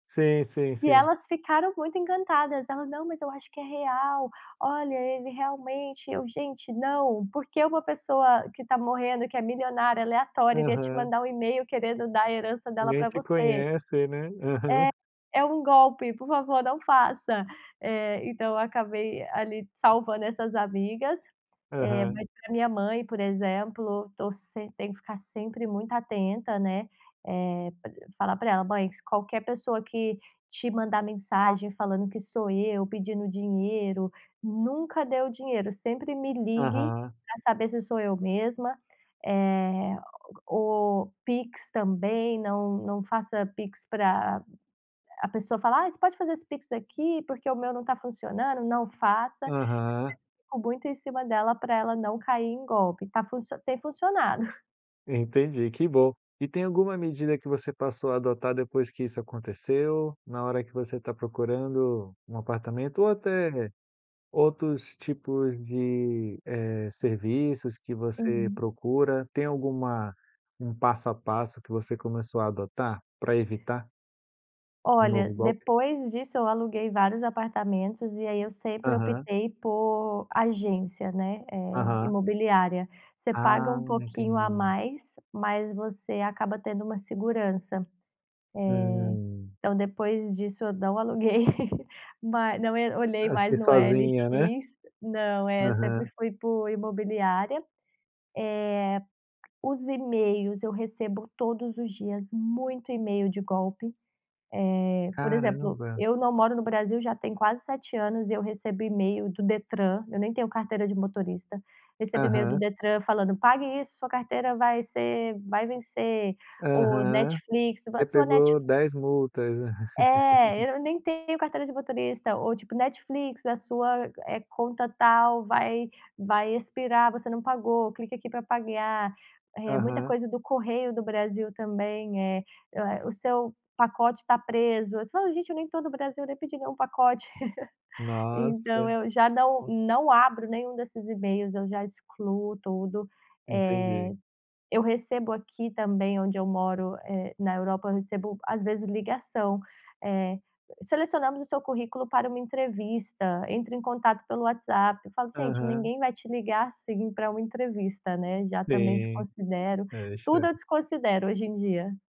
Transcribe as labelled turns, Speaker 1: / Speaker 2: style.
Speaker 1: Sim, sim,
Speaker 2: E
Speaker 1: sim.
Speaker 2: elas ficaram muito encantadas, ela: "Não mas eu acho que é real, olha ele realmente", eu: "Gente, não, porque uma pessoa que tá morrendo que é milionária aleatória iria te
Speaker 1: Aham.
Speaker 2: mandar um email querendo dar a herança dela
Speaker 1: Nem
Speaker 2: pra
Speaker 1: te
Speaker 2: você?
Speaker 1: conhece, né? Aham.
Speaker 2: É é um golpe, por favor não faça". Eh então eu acabei ali salvando essas amigas, eh,
Speaker 1: Aham.
Speaker 2: mas pra minha mãe por exemplo, tô semp tem que ficar sempre muito atenta, né, eh, p falar pra ela: "Mãe s qualquer pessoa que te mandar mensagem, falando que sou eu pedindo dinheiro, nunca dê o dinheiro, sempre me ligue
Speaker 1: Aham.
Speaker 2: pra saber se sou eu mesma, eh, ou pix também não não faça pix pra a pessoa falar: 'ah, você pode fazer esse pix aqui, porque o meu não está funcionando', não faça!", eu sempre
Speaker 1: Aham.
Speaker 2: fico muito em cima dela pra ela não cair em golpe, tá funci tem funcionado.
Speaker 1: Entendi, que bom. E tem alguma medida que você passou a adotar depois que isso aconteceu? Na hora que você tá procurando um apartamento ou até outros tipos de, eh, serviços que você
Speaker 2: Uhum.
Speaker 1: procura, tem alguma um passo a passo que você começou a adotar pra evitar um
Speaker 2: Olha,
Speaker 1: novo golpe?
Speaker 2: depois disso eu aluguei vários apartamentos, e aí eu sempre
Speaker 1: Aham.
Speaker 2: optei por agência né, eh,
Speaker 1: Aham.
Speaker 2: imobiliária. Você paga
Speaker 1: Ah,
Speaker 2: um pouquinho a
Speaker 1: entendi.
Speaker 2: mais, mas você acaba tendo uma segurança, eh,
Speaker 1: Hum.
Speaker 2: então depois disso eu não aluguei ma não, eh, olhei
Speaker 1: Ah sim,
Speaker 2: mais no OLX,
Speaker 1: sozinha, né?
Speaker 2: não, é, sempre
Speaker 1: Aham.
Speaker 2: fui por imobiliária. Eh, os emails eu recebo todos os dias muito email de golpe. Eh, por exemplo,
Speaker 1: Caramba.
Speaker 2: eu não moro no Brasil já tem quase 7 anos e eu recebo email do Detran, eu nem tenho carteira de motorista, recebo email do
Speaker 1: Aham.
Speaker 2: Detran falando: "Pague isso! Sua carteira vai ser vai vencer", ou
Speaker 1: Aham.
Speaker 2: Netflix: "A
Speaker 1: Você
Speaker 2: sua
Speaker 1: pegou
Speaker 2: Netflix"
Speaker 1: 10 multas.
Speaker 2: É, eu nem tenho carteira de motorista ou tipo, Netflix: "A sua, eh, conta tal vai vai expirar você não pagou, clique aqui pra pagar", eh, muita
Speaker 1: Aham.
Speaker 2: coisa do Correio do Brasil também, eh eh, "O seu pacote tá preso", eu falo: "Gente eu nem tô no Brasil, nem pedi nenhum pacote", então
Speaker 1: Nossa.
Speaker 2: eu já não não abro nenhum desses emails, eu já excluo tudo,
Speaker 1: Entendi.
Speaker 2: eh, eu recebo aqui também onde eu moro, eh, na Europa, eu recebo às vezes ligação, eh, "Selecionamos o seu currículo para uma entrevista, entre em contato pelo WhatsApp", eu falo; "Gente
Speaker 1: Aham.
Speaker 2: ninguém vai te ligar assim pra uma entrevista", né, já também
Speaker 1: Sim,
Speaker 2: desconsidero,
Speaker 1: é
Speaker 2: tudo eu
Speaker 1: estranho.
Speaker 2: desconsidero hoje em dia.